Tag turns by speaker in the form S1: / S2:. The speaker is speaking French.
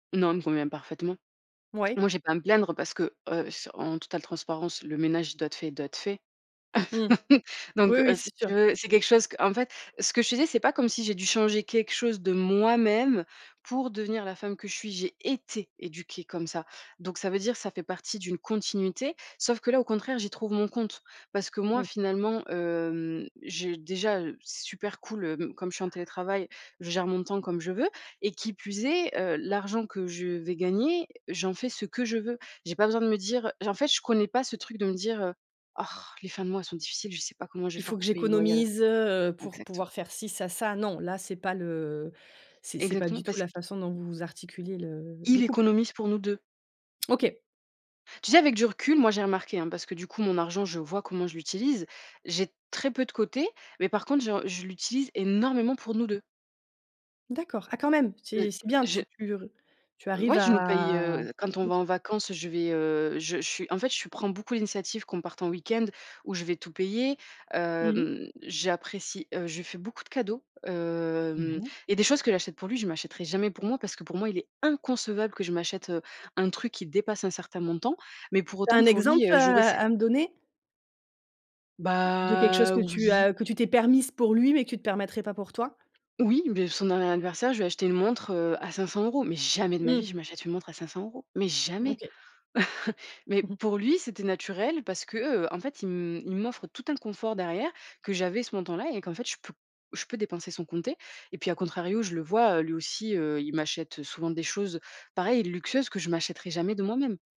S1: Non, elle me convient parfaitement.
S2: Mouais.
S1: Moi, j'ai pas à me plaindre parce que, heu, s en totale transparence, le ménage, il doit être fait, il doit être fait.
S2: Mmh. Oui,
S1: Donc heu,
S2: oui,
S1: si
S2: c'est
S1: tu
S2: sûr.
S1: veux, c'est quelque chose qu'en fait, ce que je te disais, c'est pas comme si j'ai dû changer quelque chose de moi-même pour devenir la femme que je suis. J'ai été éduquée comme ça. Donc ça veut dire, ça fait partie d'une continuité. Sauf que là, au contraire, j'y trouve mon compte parce que moi,
S2: Oui.
S1: finalement, hem, j'ai déjà, heu, c'est super cool, heu, comme je suis en télétravail, je gère mon temps comme je veux et qui plus est, heu, l'argent que je vais gagner, j'en fais ce que je veux. J'ai pas besoin de me dire, heu, j en fait je connais pas ce truc de me dire, heu: «Orh, les fins de mois sont difficiles, je sais pas comment je vais
S2: «Il
S1: faire
S2: faut que
S1: pour payer le loyer à la»
S2: j'économise, heu, pour
S1: exactement.
S2: pouvoir faire ci, ça, ça», non, là, c'est pas le c'est c'est pas
S1: Exactement
S2: du tout
S1: parce
S2: la
S1: q
S2: façon dont vous articulez le le
S1: Il
S2: couple.
S1: économise pour nous 2.
S2: OK.
S1: Tu sais avec du recul, moi, j'ai remarqué hein, parce que du coup mon argent je vois comment je l'utilise. J'ai très peu de côté mais par contre j'en je l'utilise énormément pour nous 2.
S2: D'accord, ah quand même,
S1: Heu,
S2: c'est c'est bien,
S1: je
S2: tu tu r tu arrives
S1: Ouais je nous paye,
S2: à
S1: heu, quand on va
S2: OK.
S1: en vacances je vais, heu, je je suis en fait, je prends beaucoup l'initiative qu'on parte en week-end où je vais tout payer,
S2: Mmh mh.
S1: hem, j'apprécie, heu, je fais beaucoup de cadeaux, hem
S2: Oui.
S1: et des choses que j'achète pour lui, je m'achèterai jamais pour moi parce que pour moi, il est inconcevable que je m'achète, heu, un truc qui dépasse un certain montant. Mais pour
S2: Tu as
S1: autant,
S2: un
S1: pour
S2: exemple
S1: lui, heu, j'aurais
S2: à
S1: cette
S2: à me donner? De quelque chose
S1: Bah
S2: que tu
S1: oui.
S2: as que tu t'es permise pour lui, mais que tu te permettrais pas pour toi?
S1: Oui, beh, son dernier anniversaire, je lui ai acheté une montre, heu, à 500 € mais jamais de ma vie,
S2: Mmh.
S1: je m'achète une montre à 500 € mais jamais.
S2: OK.
S1: Mais
S2: Mmh mh.
S1: pour lui, c'était naturel parce que, heu, en fait, il m il m'offre tout un confort derrière, que j'avais ce montant là et qu'en fait, je peux je peux dépenser sans compter et puis, à contrario, je le vois, heu, lui aussi, heu, il m'achète, heu, souvent des choses pareilles, luxueuses que je m'achèterai jamais de moi-même.